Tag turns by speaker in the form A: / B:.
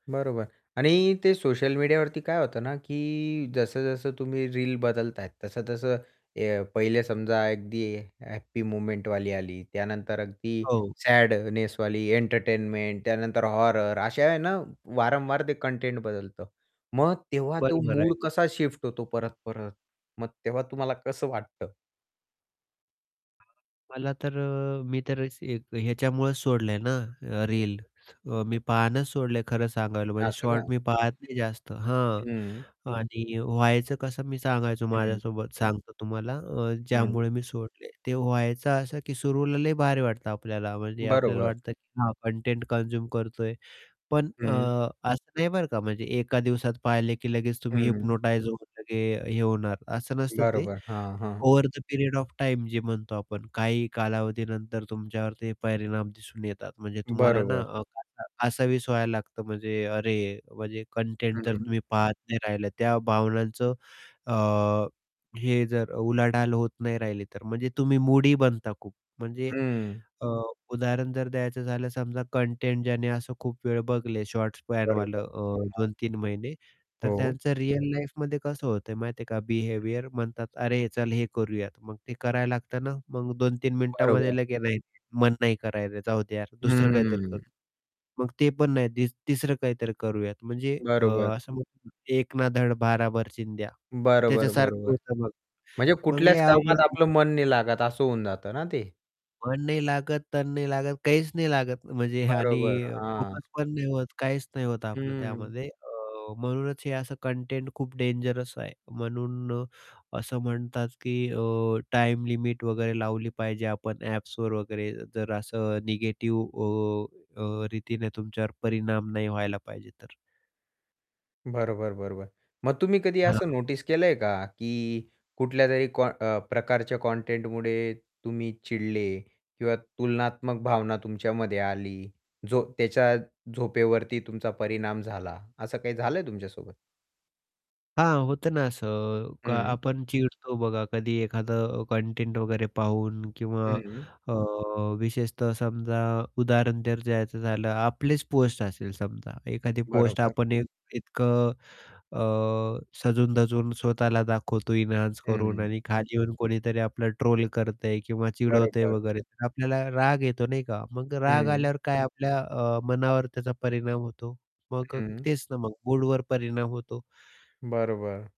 A: बरोबर. आणि ते सोशल मीडियावरती काय होतं ना, की जसं-जसं तुम्ही रील बदलताय, तसं-तसं अ, पहिले समजा अगदी हॅप्पी मोमेंटवाली आली, त्यानंतर अगदी
B: हो.
A: सॅडनेसवाली,, त्यानंतर एंटरटेनमेंट, हॉरर. अशा आहे ना, वारंवार ते कंटेंट बदलतं. मग
B: हो.
A: तेव्हा तो
B: बरोबर आहे.
A: मूड कसा शिफ्ट होतो परत-परत? मग तेव्हा तुम्हाला कसं वाटतं?
B: [unintelligible] मला तर अ, मी तर स एक याच्यामुळेच सोडलंय ना, अ, रील
A: [unintelligible]
B: अ, मी पाहणंच सोडलंय खरं सांगायला म्हणजे
A: असं का.
B: शॉर्ट मी पाहत नाही जास्त. हां
A: हं.
B: आणि व्हायचं कसं मी सांगायचो
A: हं.
B: माझ्यासोबत सांगतो तुम्हाला अ,
A: हं.
B: ज्यामुळे मी सोडले. ते व्हायचं असं, की सुरुवातीला लय भारी वाटतं आपल्याला, म्हणजे आपल्याला
A: बरोबर.
B: वाटतं की हां कंटेंट कन्झ्युम करतोय पण अ,
A: हं.
B: असं नाही बरं का? म्हणजे एका दिवसात पाहिले की लगेच तुम्ही
A: हं.
B: हिप्नोटाईझ होऊन लगेच हे होणार, असं नसतं ते.
A: बरोबर, हां, हां.
B: Over the period of time जी म्हणतो आपण, काही कालावधीनंतर तुमच्यावर ते परिणाम दिसून येतात. म्हणजे तुम्हाला ना
A: बरोबर.
B: अ, [unintelligible] कासावीस व्हायला लागतं. म्हणजे अरे, म्हणजे कंटेंट जर
A: हं.
B: तुम्ही पाहत नाही राहिला, त्या भावनांचं अ, हे जर उलाढाल होत नाही राहिली, तर म्हणजे तुम्ही मूडी बनता खूप. म्हणजे
A: हं.
B: अ, उदाहरण जर द्यायचं झालं, समजा कंटेंट ज्याने असं खूप वेळ बघले, शॉर्ट्स स्पॅन वालं.
A: बरोबर. हां,
B: अ,
A: हां.
B: 2-3 महिने, तर
A: हो.
B: त्यांचं रिअल लाईफमध्ये कसं होतंय माहिती आहे का
A: हं.
B: बिहेवियर म्हणतात, "अरे चल, हे करूयात." मग ते करायला लागतं ना मग 2-3
A: बरोबर.
B: मिनिटामध्ये लगेच, नाही, मन नाही [unintelligible] जाऊ दे यार, दुसरं काहीतरी करू.
A: हम्म.
B: मग ते पण नाही दिस तिसरं काहीतरी करूयात. म्हणजे अ,
A: बरोबर.
B: असं म्हणतो ना "एक ना धड भराभर चिंध्या"
A: बरोबर,
B: त्याच्यासारखं
A: बरोबर.
B: होतं मग.
A: म्हणजे
B: मग लय
A: कुठल्याच
B: अवघड
A: कामात
B: होतं.
A: आपलं मन नाही लागत, असं होऊन जातं ना ते.
B: मन नाही लागत, तन नाही लागत, काहीच नाही लागत म्हणजे आणि
A: बरोबर, हां.
B: फोकस पण नाही होत, काहीच नाही होत आपलं
A: हं.
B: त्यामध्ये. अ, म्हणूनच हे असं कंटेंट खूप डेंजरस आहे. म्हणून अ, असं म्हणतात की अ, टाईम लिमिट वगैरे लावली पाहिजे आपण ॲप्सवर वगैरे, जर असं निगेटिव्ह अ, अ, रीतीने तुमच्यावर परिणाम नाही व्हायला पाहिजे तर.
A: बरोबर, बरोबर. मग तुम्ही कधी
B: हां,
A: असं
B: हां.
A: नोटीस केलंय का? की कुठल्यातरी कॉ अ, प्रकारच्या कंटेंटमुळे तुम्ही चिडले किंवा तुलनात्मक भावना तुमच्यामध्ये आली? जो त्याच्या झोपेवरती तुमचा परिणाम झाला, असं काही झालंय तुमच्यासोबत?
B: हां, होतं ना असं, का
A: हं.
B: आपण चिडतो बघा, कधी एखादं कंटेंट वगैरे पाहून किंवा
A: हं.
B: अ, विशेषतः समजा उदाहरण जर द्यायचं झालं, आपलीच पोस्ट असेल समजा, एखादी पोस्ट
A: बरोबर.
B: आपण एक इतकं अ, सजून-धजून स्वतःला दाखवतो एन्हान्स करून
A: हं.
B: आणि खाली येऊन कोणीतरी आपल्याला ट्रोल करतंय किंवा चिडवतंय
A: बरोबर.
B: वगैरे तर आपल्याला राग येतो, नाही का? मग राग
A: हं.
B: आल्यावर काय? आपल्या अ, मनावर त्याचा परिणाम होतो. मग
A: हं.
B: तेच ना मग मूडवर परिणाम होतो.
A: बरोबर.